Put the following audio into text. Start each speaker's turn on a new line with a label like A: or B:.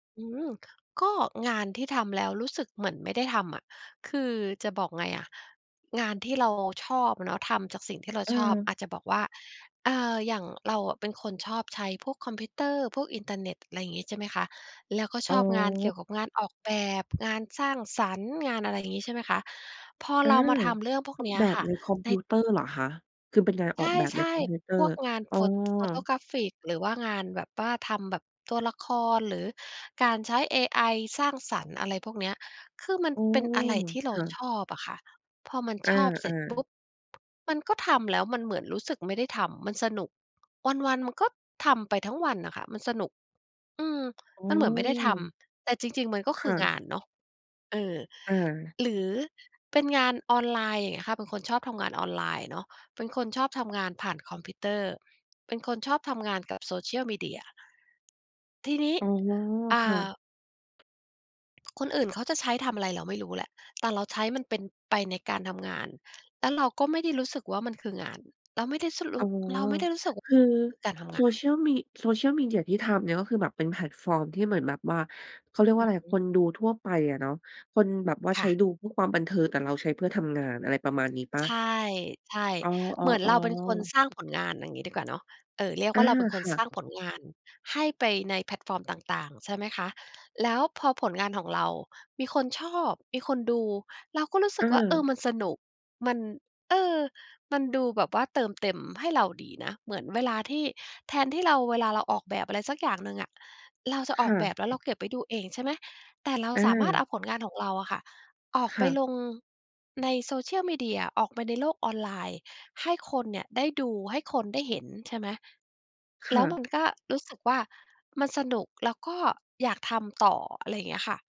A: อืม ก็งานที่ทำแล้วรู้สึกเหมือนไม่ได้ทำอะ คือจะบอกไงอะ งานที่เราชอบเนาะ ทำจากสิ่งที่เรา
B: อื
A: ชอบ อ
B: ม
A: าจจะบอกว่า เอ่อ อย่างเราอะเป็นคนชอบใช้พวกคอมพิวเตอร์ พวกอินเทอร์เน็ต ไรงี้ ใช่ไหมคะ แล้วก็
B: อ
A: ช
B: ๋
A: อบงานเกี่
B: อ
A: ยวกับงานออกแบบ งานสร้างสรรค์ งานอะไรงี้ ใช่ไหมคะ พอ
B: อา
A: เรามาทำเรื่องพวก
B: ออ
A: เน
B: ก
A: ี้ย
B: แบ
A: ค
B: บ
A: ่ะ
B: ในคอม
A: ไ
B: พ
A: ด้
B: ิวเตอร์เหรอคะ? คือเป็นการ
A: ใ
B: ออกแบบ
A: ช
B: ใน
A: ่
B: คอมพิวเตอ
A: ๆ พ
B: ร์
A: วกงาน
B: อ๋อ
A: pho photographic หรือว่างานแบบว่าทำแบบตัวละคร หรือการใช้เอไอสร้างสรรค์ อะไรพวกเนี้ย คือมัน
B: โอ้
A: เป็นอะไรที่เร
B: ค
A: า
B: ่ะ
A: ชอบอะค่ะ พอมัน
B: อ
A: ชอบเส
B: า
A: ร็จปุ
B: ๆ
A: ๊บ มันก็ทำแล้วมันเหมือนรู้สึกไม่ได้ทำ มันสนุก วัน ๆ มันก็ทำไปทั้งวันน่ะค่ะ มันสนุก อืม
B: โอ
A: ม
B: ้
A: ันเหมือนไม่ได้ทำ แต่จริง ๆ มันก็
B: ค
A: คื
B: ่
A: อง
B: ะ
A: านเนาะ เออ
B: อา
A: หรือเป็นงานออนไลน์ อย่างเงี้ยค่ะ เป็นคนชอบทำงานออนไลน์เนาะ เป็นคนชอบทำงานผ่านคอมพิวเตอร์ เป็นคนชอบทำงานกับ social media ที่นี้
B: อ๋อ
A: อ่
B: ค่ะ
A: า คนอื่นเขาจะใช้ทำอะไรเราไม่รู้แหละ แต่เราใช้มันเป็น ไปในการทำงาน แล้วเราก็ไม่ได้รู้สึกว่า มันคืองาน เราไม่ได้ ส ร
B: อ
A: ู
B: ๋
A: ้
B: อ
A: เราไม่ได้รู้สึกว่
B: ค
A: า
B: ือ
A: คือการทำงาน
B: social me social media ที่ทำเนี่ย ก็คือแบบเป็นแพลตฟอร์มที่เหมือนแบบว่า เขาเรียกว
A: อ
B: ่า
A: ื
B: อ
A: อ
B: ะไร
A: ฮึ
B: คนดูทั่วไปอะเนาะ คนแบบว่า
A: ค
B: ใช
A: ่
B: ้
A: ะ
B: ดูเพื่อความบันเทิง แต่เราใช้เพื่อทำงาน อะไรประมาณนี้เปล่
A: ใช
B: า
A: ่
B: อ๋อ
A: ๆ เหมือนเราเป็นคน
B: ๆ ๆ
A: สร้างผลงาน อย่างงี้ดีกว่าเนาะ เออ เรียก
B: อ
A: ว่
B: า
A: าเราเป็นค
B: ค
A: น
B: ่
A: สร
B: ะ
A: ้างผลงานให้ไปในแพลตฟอร์มต่าง ๆ ใช่ไหมคะ แล้วพอผลงานของเรามีคนชอบ มีคนดู เราก็รู้ส
B: เ
A: ึกว่า เออ
B: ออ
A: มันสนุก มัน เออ มันดูแบบว่าเติมเต็มให้เราดีนะ เหมือนเวลาที่ แทนที่เราเวลาเราออกแบบอะไรสักอย่างหนึ่งอะ เราจะ
B: ค
A: ออ
B: ่
A: กแบ
B: ะ
A: บแล้วเราเก็บไว้ดูเอง ใช่ไหม แต่เรา
B: อ
A: สามารถเอ
B: า
A: าผลงานของเราอะค่ะ ออก
B: ค
A: ไป
B: ่ะ
A: ลงใน social media ออกไปในโลกออนไลน์ให้คนเนี่ยได้ดู ให้คนได้เห็น ใช่ไหม
B: ค
A: แล
B: ่
A: ้วมั
B: ะ
A: นก็รู้สึกว่า มันสนุกแล้วก็อยากทำต่อ อะไรอย่างเงี้ยค่ะ